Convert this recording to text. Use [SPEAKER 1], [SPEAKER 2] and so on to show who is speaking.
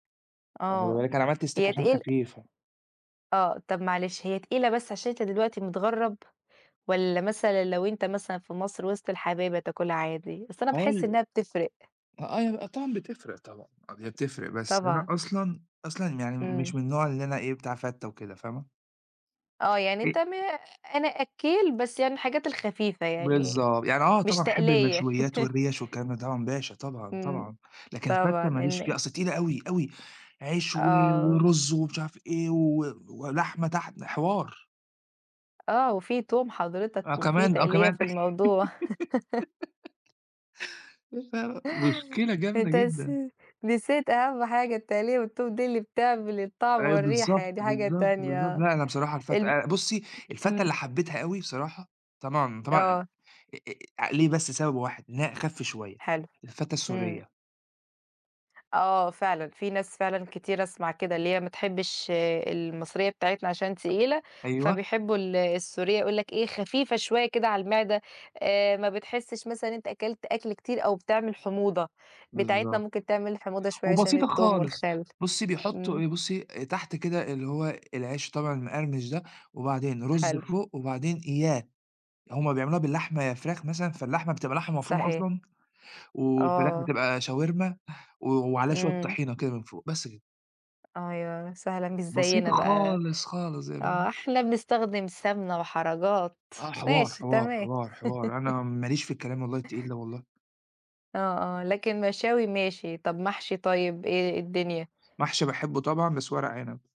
[SPEAKER 1] واخده
[SPEAKER 2] آه،
[SPEAKER 1] بالِك أنا عملت stick
[SPEAKER 2] هي
[SPEAKER 1] عشان
[SPEAKER 2] تقيل
[SPEAKER 1] خفيفة.
[SPEAKER 2] آه، طَب معلش هي تقيلة بس عشان أنت دلوقتي متغرّب، والّا مثلًا لو أنت مثلًا في مصر وِسط الحبايب هتاكلها عادي؟ أصل أنا
[SPEAKER 1] هو
[SPEAKER 2] باحس
[SPEAKER 1] ال
[SPEAKER 2] إنّها بتفرِق.
[SPEAKER 1] [unintelligible] آه طبعًا بتفرِق طبعًا. أب هي بتفرق بس أنا
[SPEAKER 2] طبعًا.
[SPEAKER 1] أصلًا، أصلًا م يعني
[SPEAKER 2] إمم.
[SPEAKER 1] مش من النوع اللي أنا إيه بتاع فتّة وكده، فاهمة؟
[SPEAKER 2] آه يعني أنت م
[SPEAKER 1] [unintelligible]
[SPEAKER 2] أنا أكّيل بس يعني الحاجات الخفيفة يعني
[SPEAKER 1] بالضبط، يعني آه
[SPEAKER 2] مش
[SPEAKER 1] طبعًا أحب
[SPEAKER 2] تَقليّة.
[SPEAKER 1] المشويات والريَش والكلام ده طبعًا باشا طبعًا،
[SPEAKER 2] إمم،
[SPEAKER 1] طبعًا. لكن
[SPEAKER 2] طبعًا
[SPEAKER 1] الفتّة ما ليش
[SPEAKER 2] إن
[SPEAKER 1] فيها، أصل تقيلة أوي، أوي. عيش و
[SPEAKER 2] آه.
[SPEAKER 1] ورز ومش عارف إيه و ولحمة تحت، حوار.
[SPEAKER 2] آه، وفي توم
[SPEAKER 1] آه
[SPEAKER 2] حضرتك وفي
[SPEAKER 1] كمان، آه
[SPEAKER 2] تَقليّة
[SPEAKER 1] كمان.
[SPEAKER 2] في الموضوع.
[SPEAKER 1] [unintelligible] مشكلة جامدة
[SPEAKER 2] أنت
[SPEAKER 1] جدًا.
[SPEAKER 2] نسي نسيت أهم حاجة التَقليّة والتوم دي اللي بتعمل الطعم
[SPEAKER 1] أيوه
[SPEAKER 2] والريحة
[SPEAKER 1] بالضبط،
[SPEAKER 2] يعني دي حاجة
[SPEAKER 1] بالضبط،
[SPEAKER 2] تانية
[SPEAKER 1] بالضبط.
[SPEAKER 2] آه،
[SPEAKER 1] لأ أنا بصراحة الفتّة
[SPEAKER 2] الم
[SPEAKER 1] آآ بُصّي الفتّة
[SPEAKER 2] إمم.
[SPEAKER 1] اللي حبيتها أوي بصراحة، طبعًا، طبعًا
[SPEAKER 2] آه.
[SPEAKER 1] ي أ أ أ ع ليه بس سبب واحد لإن هي أخف شوية،
[SPEAKER 2] حلو،
[SPEAKER 1] الفتّة
[SPEAKER 2] إمم.
[SPEAKER 1] السورية.
[SPEAKER 2] آه فعلًا، في ناس فعلًا كتير أسمع كده، اللي هي ما تحبش المصرية بتاعتنا عشان تقيلة،
[SPEAKER 1] أيوه.
[SPEAKER 2] فبيحبوا ال السورية، يقول لك إيه خفيفة شوية كده على المعدة، آآ، ما بتحسش مثلًا إن أنت أكلت أكْل كتير أو بتعمل حموضة، بتاعتنا
[SPEAKER 1] بالضبط.
[SPEAKER 2] ممكن تعمل حموضة شوية عشان
[SPEAKER 1] وبسيطة
[SPEAKER 2] التوم
[SPEAKER 1] خالص.
[SPEAKER 2] والخل.
[SPEAKER 1] بُصّي بيحطّوا
[SPEAKER 2] إمم.
[SPEAKER 1] إيه، بُصّي، آآ، تحت كده اللي هو العيش طبعًا المقرمش ده، وبعدين رز
[SPEAKER 2] حلو.
[SPEAKER 1] فوق، وبعدين [unintelligible] هُم بيعملوها بالحمة يا فراخ مثلًا، فاللحمة بتبقى لحمة مفرومة
[SPEAKER 2] صحيح.
[SPEAKER 1] أصلًا، والفراخ
[SPEAKER 2] آه.
[SPEAKER 1] بتبقى شاورما، و وعليها شوية
[SPEAKER 2] إمم.
[SPEAKER 1] طحينة كده من فوق، بس كده.
[SPEAKER 2] أيوه، سهله مش زيّنا
[SPEAKER 1] بسيطة
[SPEAKER 2] بقى،
[SPEAKER 1] خالص، خالص يعني
[SPEAKER 2] آه
[SPEAKER 1] فاهمة؟
[SPEAKER 2] إحنا بنستخدم سمنة وحركات،
[SPEAKER 1] آه حوار،
[SPEAKER 2] ماشي،
[SPEAKER 1] حوار،
[SPEAKER 2] تمام.
[SPEAKER 1] حوار، حوار. أنا ما ليش في الكلام والله التقيل ده والله.
[SPEAKER 2] آه، آه، لكن مشاوي ماشي. طَب محشي طيب إيه الدنيا؟
[SPEAKER 1] محشي باحبه طبعًا، بس ورق عنب.